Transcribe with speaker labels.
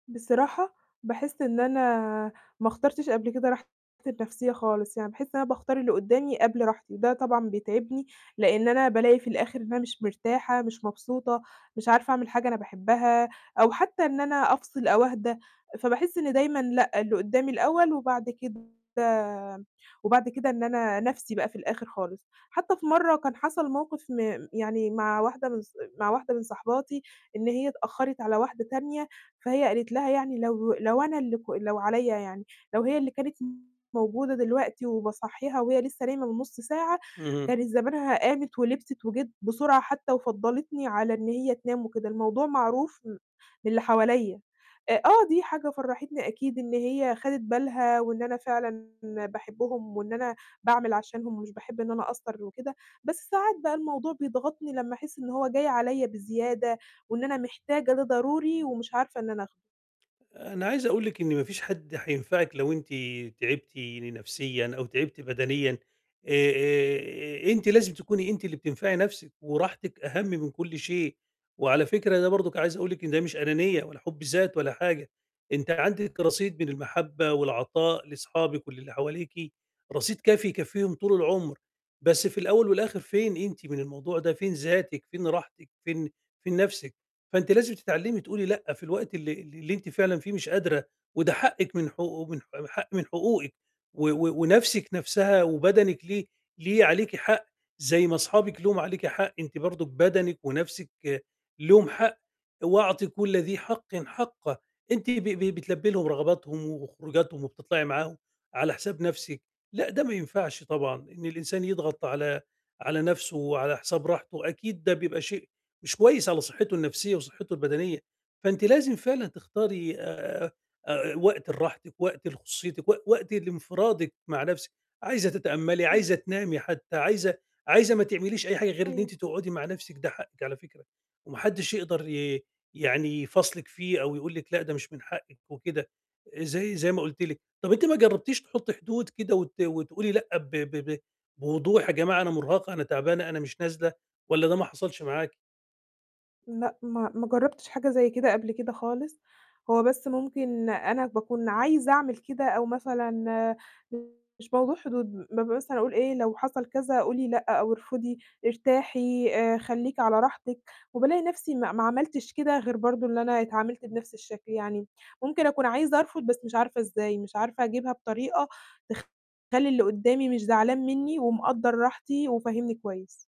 Speaker 1: بصراحة باحس إن أنا ما اخترتش قبل كده راحتي النفسية خالص، يعني باحس إن أنا باختار اللي قُدّامي قبل راحتي، وده طبعًا بيتعبني لإن أنا بالاقي في الآخر إن أنا مش مرتاحة، مش مبسوطة، مش عارفة أعمل حاجة أنا باحبها، أو حتى إن أنا أفصل أو أهدى، فباحس إن دايمًا لأ اللي قُدّامي الأول وبعد كده وبعد كده إن أنا نَفْسي بقى في الآخر خالص، حتى في مرّه كان حَصَل موقف م يعني مع واحدة من ص مع واحدة من صاحباتي، إن هي اتأخّرت على واحدة تانية، فهي قالت لها يعني لو لو أنا اللي ك لو عليَّ يعني، لو هي اللي كانت موجودة دلوقتي وباصَحّيها وهي لسه نايمة من نُصّ ساعة،
Speaker 2: اهم.
Speaker 1: كانت زمانها قامِت ولبسِت وجِت بسرعة حتى وفضّلتني على إن هي تنام وكده، الموضوع معروف م من اللي حواليّا، آآ، آه دي حاجة فرّحتني أكيد إن هي خَدِت بالها وإن أنا فعلًا باحبهم وإن أنا باعمل عشانهم ومش باحب إن أنا أقصّر وكده، بس ساعات بقى الموضوع بيضغطني لمّا أحس إن هو جاي عليَّ بزيادة، وإن أنا محتاجة ده ضروري ومش عارفة إن أنا آخدُه.
Speaker 2: أنا عايز أقول لِك إن ما فيش حد حينفعِك لو أنتِ تعبتِ نفسيًا أو تعبتِ بدنيًا آآ آآ، أنتِ لازم تكوني أنتِ اللي بتنفعي نَفسِك وراحتِك أهم من كُلّ شيء، وعلى فكرة ده برضه عايز أقول لِك إن ده مش أنانية ولا حُبّ ذات ولا حاجة، أنتِ عندك رصيد من المحبّة والعطاء لصحابِك وللّي حواليكِ، رصيد كافي يكفّيهم طُول العمر، بس في الأول والآخر فين أنتِ من الموضوع ده، فين ذاتِك فين راحتِك فين، فين نفسِك فأنتِ لازم تتعلّمي تقولي لأ في الوقت اللي ال اللي أنتِ فعلًا فيه مش قادرة، وده حقِّك من حقو حق من حقوقِك و و ونَفسِك نَفْسها وبَدَنِك ليه، ليه عليكِ حق، زي ما صحابِك لهُم عليكِ حق أنتِ برضه بَدَنِك ونَفسِك لهُم حق، وأعطي كُلّ ذي حقٍ حقَّه. أنتِ ب ب بتلبّي لهم رغباتهم وخروجاتهم وبتطلعي معاهم على حساب نَفسِك، لأ ده ما ينفعش طبعًا إن الإنسان يضغط على على نَفسُه وعلى حساب راحتُه، أكيد ده بيبقى شيء مش كويس على صحتُّه النفسية وصحتُّه البدنية، فأنتِ لازم فعلًا تختاري آآ، آآ، وقت لراحتِك وقت لخصوصيتِك و وقت لانفرادِك مع نفسِك، عايزة تتأمَّلي،
Speaker 1: إمم.
Speaker 2: عايزة تنامي حتى عايزة عايزة ما تعمليش أي حاجة غير إن
Speaker 1: أيوه.
Speaker 2: أنتِ تقعدي مع نفسِك، ده حقِّك على فكرة، وما حدش يقدر ي يعني يفاصلِك فيه أو يقول لِك لأ ده مش من حقِّك وكده، زي، زي ما قُلت لِك، طَب أنتِ ما جرّبتيش تحطي حدود كده وت وتقولي لأ ب ب ب بوضوح يا جماعة أنا مرهقة، أنا تعبانة، أنا مش نازلة، والَّا ده ما حَصَلش معاكِ؟
Speaker 1: لأ ما ما جرّبتش حاجة زي كده قبل كده خالص، هو بس ممكن أنا باكون عايزة أعمل كده أو مثلًا [unintelligible] مش موضوع حدود م مثلًا أقول إيه لو حصل كذا قولي لأ أو ارفضي، ارتاحي آآ، خليكِ على راحتِك، وبالاقي نفسي ما ما عملتِش كده غير برضه إن أنا اتعامِلت بنَفْس الشكل يعني، ممكن أكون عايزة أرفض بس مش عارفة إزاي، مش عارفة أجيبها بطريقة تخلّي اللي قُدّامي مش زعلان مني، ومقدّر راحتي وفاهمني كويس.